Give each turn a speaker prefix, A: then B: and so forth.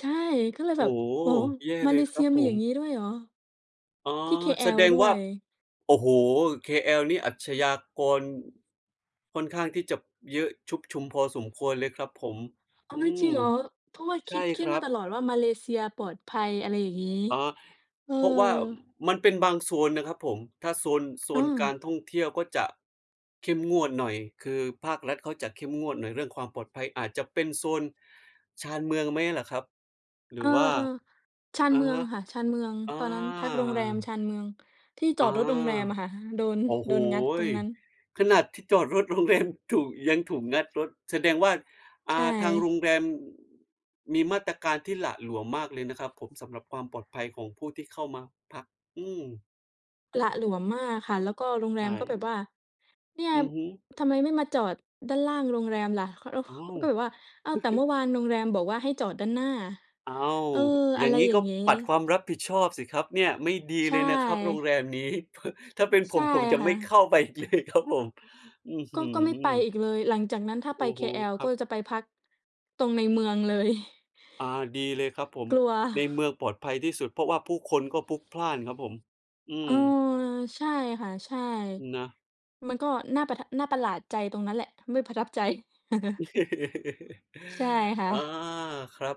A: ใช่ ก็เลย
B: โ
A: แ
B: อ
A: บ
B: ้
A: บ
B: โฮ
A: โอ้
B: แย่
A: มา
B: เล
A: เล
B: ยค
A: เซ
B: ร
A: ี
B: ั
A: ย
B: บผ
A: มี อย่
B: ม
A: างงี้ ด้วยเหรอ?
B: อ๋อ
A: ที่
B: แส
A: KL
B: ดง
A: ด้
B: ว
A: ว
B: ่า
A: ย
B: โอ้โฮ KL นี่อาชญากร ค่อนข้างที่จะเยอะชุกชุมพอสมควรเลยครับผม
A: อ้า
B: อ
A: ว
B: ื
A: ไม่จ
B: ม
A: ริงเหรอ? เพราะว่า
B: ใ
A: ค
B: ช่
A: ิด คิ
B: ค
A: ด
B: รั
A: มา
B: บ
A: ตลอดว่ามาเลเซียปลอดภัย อะไรอย่างงี้
B: อ๋อ
A: เออ
B: เพราะว่ามันเป็นบางโซนนะครับผม ถ้า โซน โซนกา
A: เออ
B: รท่องเที่ยวก็จะ เข้มงวดหน่อย คือภาครัฐเขาจะเข้มงวดหน่อยเรื่องความปลอดภัย อาจจะเป็นโซน ชานเมืองไหมล่ะครับ? หร
A: เอ
B: ื
A: อ
B: อว่า
A: ๆ ชาน
B: อ
A: เม
B: ะ
A: ือ
B: ฮ
A: ง
B: ะ
A: ค่ะ ชานเมือง
B: อ
A: ตอนนั้นพักโรงแรมช
B: า
A: านเมือง ที่จ
B: อ๋
A: อ
B: อ
A: ดรถโรงแรมอะค่ะ โดน
B: โอ้โ
A: โ
B: ฮ
A: ดนงัดตรงนั้น
B: ขนาดที่จอดรถ โรงแรม ถูก ยังถูกงัดรถแสดงว่า
A: ใ
B: อ่า ทางโร
A: ช่
B: งแรม มีมาตรการที่หละหลวมมากเลยนะครับผม สำหรับความปลอดภัยของผู้ที่เข้ามาพัก อืม
A: หละหลวมมากค่ะ แล้วก็โรงแ
B: ใช
A: รมก็แ
B: ่
A: บบว่า "เนี่ย
B: อือฮึ
A: ทำไมไม่มาจอดด้านล่างโรงแรมล่ะ" แล้วเ
B: อ้า
A: ขา
B: ว
A: ก็แบบว่า อ้าว แต่เมื่อวานโรงแรมบอกว่าให้จอดด้านหน้า
B: อ้าว
A: เออ
B: อย
A: อ
B: ่
A: ะ
B: า
A: ไ
B: ง
A: ร
B: งี้
A: อย่
B: ก
A: า
B: ็
A: งงี้
B: ปัดความรับผิดชอบสิครับเนี่ย ไม่ดี
A: ใช
B: เลยนะครับโรง
A: ่
B: แรมนี้ เพิ่ด ถ้าเป็น ผ
A: ใช่
B: ม ผมจะ
A: ค่
B: ไม่
A: ะ
B: เข้าไป อีกเลยครับผม อื้อฮ
A: ก็
B: ื
A: ก็ไม่ไป
B: อ
A: อีกเลย หลังจากนั้นถ้าไ
B: โ
A: ป
B: อ้โฮ
A: KL
B: ค
A: ก
B: รั
A: ็
B: บ
A: จะไปพัก ตรงในเมืองเลย
B: อา ดีเลยครับผม
A: กลัว
B: ในเมืองปลอดภัยที่สุด เพราะว่าผู้คนก็พลุกพล่านครับผม อื
A: เอ่อ
B: ม
A: ใช่ค่ะ ใช่
B: นะ
A: มันก็น่าประทะ น่าประหลาดใจตรงนั้นแหละ ไม่ประทับใจ ใช่ค่
B: อา
A: ะ
B: ครับ